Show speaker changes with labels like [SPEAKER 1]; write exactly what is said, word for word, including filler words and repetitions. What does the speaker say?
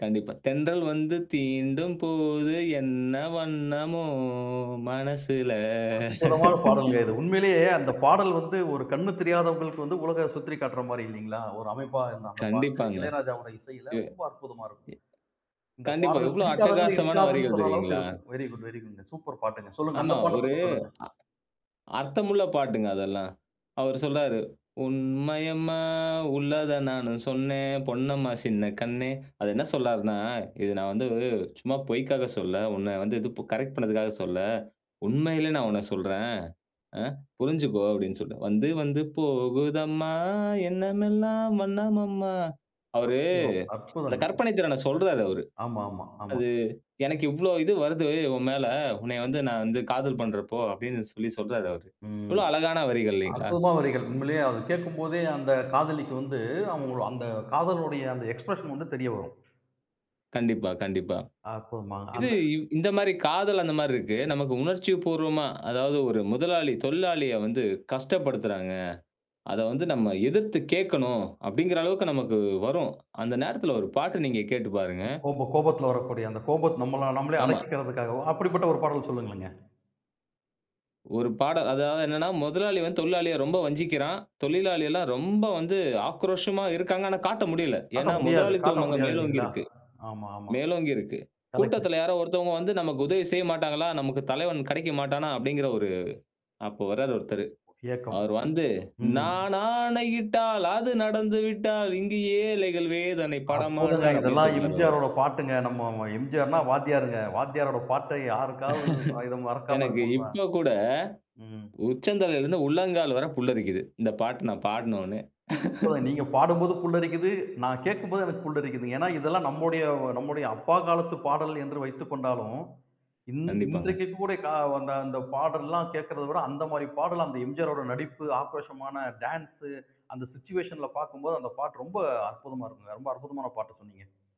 [SPEAKER 1] கண்டிப்பா, தென்றல் வந்து தீண்டும் போது என்ன வண்ணமோ மனசுல.
[SPEAKER 2] அற்புதமான பாடல்ங்க. இது உண்மையிலேயே அந்தப் பாடல் வந்து ஒரு கண்ணு தெரியாதவங்களுக்கு வந்து உலகை சுற்றி காட்டுற மாரி இல்லைங்களா? ஒரு அமைப்பா அந்தப் பாட்டு,
[SPEAKER 1] கண்டிப்பாங்க.
[SPEAKER 2] இளையராஜாவோட இசையில
[SPEAKER 1] எ
[SPEAKER 2] ரொம்ப அற்புதமா இருக்கும்.
[SPEAKER 1] எ
[SPEAKER 2] இந்தப்
[SPEAKER 1] கண்டிப்பா,
[SPEAKER 2] பாடல்
[SPEAKER 1] எவ்வளோ
[SPEAKER 2] பிடிக்காதவங்க
[SPEAKER 1] அட்டகாசமான
[SPEAKER 2] இருக்காதுன்னு
[SPEAKER 1] வரிகள்
[SPEAKER 2] சொல்ற அளவுக்கு
[SPEAKER 1] தெரியுங்களா?
[SPEAKER 2] இருக்கும். Very good, very good, super பாட்டுங்க. சொல்லுங்க,
[SPEAKER 1] ஆமா,
[SPEAKER 2] அந்தப் பாட்ட
[SPEAKER 1] ஒரு
[SPEAKER 2] பத்தி சொல்லுங்க.
[SPEAKER 1] அ அர்த்தமுள்ள பாட்டுங்க அதெல்லாம். அவர் சொல்றாரு, உண்மையம்மா உள்ளத நானு சொன்னேன். பொன்னம்மா சின்னக் கண்ணே. அது என்ன சொல்லார்னா இத நான் வந்து சும்மா பொய்க்காக சொல்லல. உன்ன வந்து இது ப் கரெக்ட் பண்றதுக்காக சொல்லல. உண்மையிலே நான் உன்னச் சொல்றேன். அ, புரிஞ்சுக்கோ! அப்படின்னு சொல்ட்டு. வந்து வந்து போகுதம்மா என்னமெல்லாம் வண்ணமம்மா. அவரு
[SPEAKER 2] அற்புதம்!
[SPEAKER 1] அந்தக்
[SPEAKER 2] அற்புதம்ங்க.
[SPEAKER 1] கற்பனை திறன சொல்றாரு அவரு.
[SPEAKER 2] ஆமா, ஆமா. ஆமா.
[SPEAKER 1] அது எனக்கு இவ்வளோ இது வருது உன் மேல. உன்னை வந்து நான் வந்து காதல் பண்றப்போ, அப்படின்னு சொல்லிச் சொல்றாரு அவரு.
[SPEAKER 2] ம்.
[SPEAKER 1] எவ்வளவு அழகான வரிகள் இல்லைங்களா?
[SPEAKER 2] அற்புதமான வரிகள். உண்மையிலேயே அத கேட்கும்போதே அந்தக் காதலிக்கு வந்து, அவக அந்தக் காதலோட அந்த எக்ஸ்ப்ரெஷன் வந்து தெரிய வரும்.
[SPEAKER 1] கண்டிப்பா, கண்டிப்பா.
[SPEAKER 2] அற்புதமா
[SPEAKER 1] இது
[SPEAKER 2] அந்த
[SPEAKER 1] இந்த மாரி காதல் அந்த மாரி இருக்கு. நமக்கு உணர்ச்சிபூர்வமா, அதாவது ஒரு முதலாளி தொழிலாளிய வந்து கஷ்டப்படுத்துறாங்க. அதை வந்து நம்ம எதிர்த்துக் கேக்கணும், அப்படிங்கிற அளவுக்கு நமக்கு வரும். அந்த நேரத்துல ஒரு பாட்டு நீங்கக் கேட்டுப் பாருங்க.
[SPEAKER 2] கோப கோபத்துல வரக்கூடிய அந்தப் கோபத்தை நம்மள நம்மளே
[SPEAKER 1] ஆமா.
[SPEAKER 2] அடக்கிக்கறதுக்காக, அப்படிப்பட்ட ஒரு பாடல் சொல்லுங்களேங்க.
[SPEAKER 1] ஒரு பாடல். அதாவது என்னன்னா, முதலாளி வந்து தொழிலாளிய ரொம்ப வஞ்சிக்கிறான். தொழிலாளியெல்லாம் ரொம்ப வந்து ஆக்ரோஷமா இருக்காங்க. ஆனா காட்ட முடியல.
[SPEAKER 2] காட்ட
[SPEAKER 1] ஏன்னா
[SPEAKER 2] முடியாது காட்ட
[SPEAKER 1] முதலாளித்துவம் அங்க
[SPEAKER 2] முடியாது
[SPEAKER 1] மேலோங்கி
[SPEAKER 2] இல்லைங்களா?
[SPEAKER 1] இருக்கு.
[SPEAKER 2] ஆமா, ஆமா.
[SPEAKER 1] மேலோங்கி இருக்கு.
[SPEAKER 2] கரெக்ட்.
[SPEAKER 1] கூட்டத்துல யாரோ ஒருத்தவங்க வந்து நமக்கு உதவி செய்யமாட்டாங்களா! நமக்குத் தலைவன் கிடைக்க மாட்டானா! அப்படிங்கிற ஒரு அப்ப வர்றாரு ஒருத்தரு.
[SPEAKER 2] ஒ ஏக்கம்.
[SPEAKER 1] அவர் வந்து,
[SPEAKER 2] ம்.
[SPEAKER 1] "நான் ஆணையிட்டால் அது நடந்து விட்டால் இங்கு ஏழைகள் வேதனை
[SPEAKER 2] அற்புதங்க!
[SPEAKER 1] படமாட்டார்" அப்படின்னு
[SPEAKER 2] இதெல்லாம்
[SPEAKER 1] சொல்றாரு அவரு.
[SPEAKER 2] எம்.ஜி.ஆர் ஓட பாட்டுங்க. நம்ம எம்.ஜி.ஆர்ன்னா வாத்தியாருங்க. வாத்தியாரோட பாட்டை யாருக்காவது இத மறக்காம
[SPEAKER 1] எனக்கு
[SPEAKER 2] இருக்க முடியுமா?
[SPEAKER 1] இப்ப கூட,
[SPEAKER 2] ம்.
[SPEAKER 1] உச்சந்தலைல இருந்து உள்ளங்கால் வரை புல்லரிக்குது. இந்தப் பாட்டு நான் பாடுனோன்னே.
[SPEAKER 2] நீங்கப் பாடும்போது புல்லரிக்குது. நான் கேட்கும்போது எனக்குப் புல்லரிக்குது. ஏன்னா இதெல்லாம் நம்முடைய நம்முடைய அப்பா காலத்து பாடல் என்று வைத்துக்கொண்டாலும், இன்
[SPEAKER 1] கண்டிப்பாங்க.
[SPEAKER 2] இன்றைக்கு கூட அந்தப் பாடல்லாம் கேட்கிறத விட, அந்த மாதிரி பாடல் அந்த எம்.ஜி.ஆர் ஓட நடிப்பு, ஆக்ரோஷமான டான்ஸ், அந்த சுவிச்சுவேஷன்ல பார்க்கும் போது அந்தப் பாட்டு ரொம்ப அற்புதமா இருக்குங்க. ரொம்ப அற்புதமான பாட்ட சொன்னீங்க.